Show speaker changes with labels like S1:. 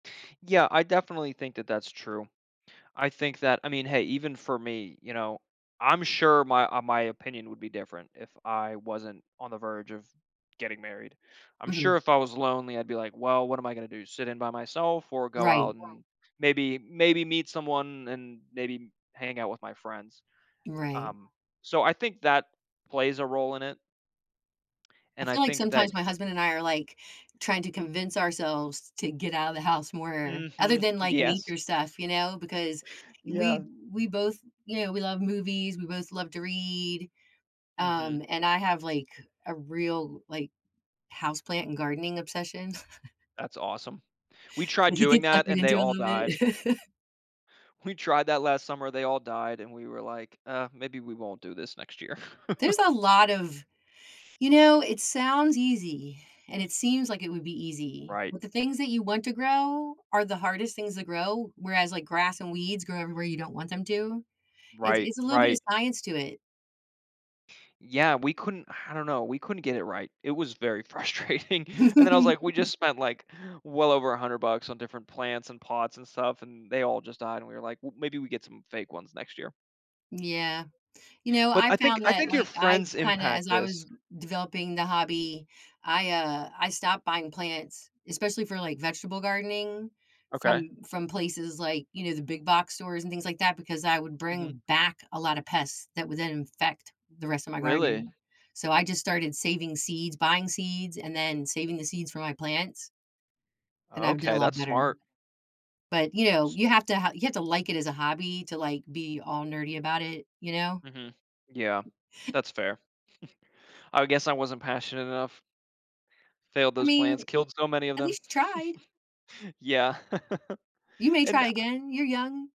S1: Yeah, I definitely think that that's true. I think that I mean, hey, even for me, you know, I'm sure my, uh, my opinion would be different, if I wasn't on the verge of getting married. I'm sure
S2: Mhm.
S1: if I was lonely, I'd be like, "Well, what am I gonna do? Sit in by myself, or go
S2: Right.
S1: out, and maybe maybe meet someone, and maybe hang out with my friends."
S2: Right.
S1: Um, so, I think that plays a role in it.
S2: I
S1: And, I
S2: feel like,
S1: think that
S2: sometimes, my husband and I are, like, trying to convince ourselves to get out of the house more, other
S1: Mhm,
S2: than, like,
S1: yes.
S2: nature stuff, you know, because we
S1: Yeah.
S2: we both, you know, we love movies, we both love to read,
S1: Mhm.
S2: um, and I have, like, a real, like, houseplant and gardening obsession
S1: That's awesome. We tried
S2: that he
S1: doing
S2: gets suckered
S1: that and they
S2: into a
S1: all
S2: little bit.
S1: died. We tried that last summer, they all died, and we were like, "Uh, maybe we won't do this next year."
S2: There's a lot of you know, it sounds easy, and it seems like it would be easy,
S1: Right.
S2: but the things that you want to grow are the hardest things to grow, whereas, like, grass and weeds grow everywhere you don't want them to. It's
S1: Right,
S2: it's a little bit of
S1: right.
S2: science to it.
S1: Yeah, we couldn't I don't know, we couldn't get it right. It was very frustrating. And then, I was like, we just spent, like, well over $100 on different plants and pots and stuff, and they all just died, and we were like, "Well, maybe we get some fake ones next year."
S2: Yeah. You know,
S1: But, I
S2: I've
S1: think
S2: found
S1: I
S2: that,
S1: think your
S2: like, I
S1: friends
S2: kinda as
S1: impact
S2: I was
S1: this.
S2: developing the hobby, I, uh, I stopped buying plants, especially for, like, vegetable gardening,
S1: Okay.
S2: from from places, like, you know, the big box stores, and things like that, because I would
S1: Mhm.
S2: bring back a lotta pests that would then infect the rest of my
S1: Really?
S2: garden. So I just started saving seeds, buying seeds, and then saving the seeds from my plants and I've done a
S1: Okay,
S2: lot
S1: that's
S2: better.
S1: smart.
S2: But, you know,
S1: S
S2: you have to ha you have to like it as a hobby to, like, be all nerdy about it, you know?
S1: Mhm, yeah, that's fair. I guess I wasn't passionate enough. Failed
S2: I
S1: those
S2: mean,
S1: plants, killed so many of
S2: at
S1: them.
S2: least you tried.
S1: Yeah.
S2: You may
S1: And,
S2: try
S1: I
S2: again, you're young.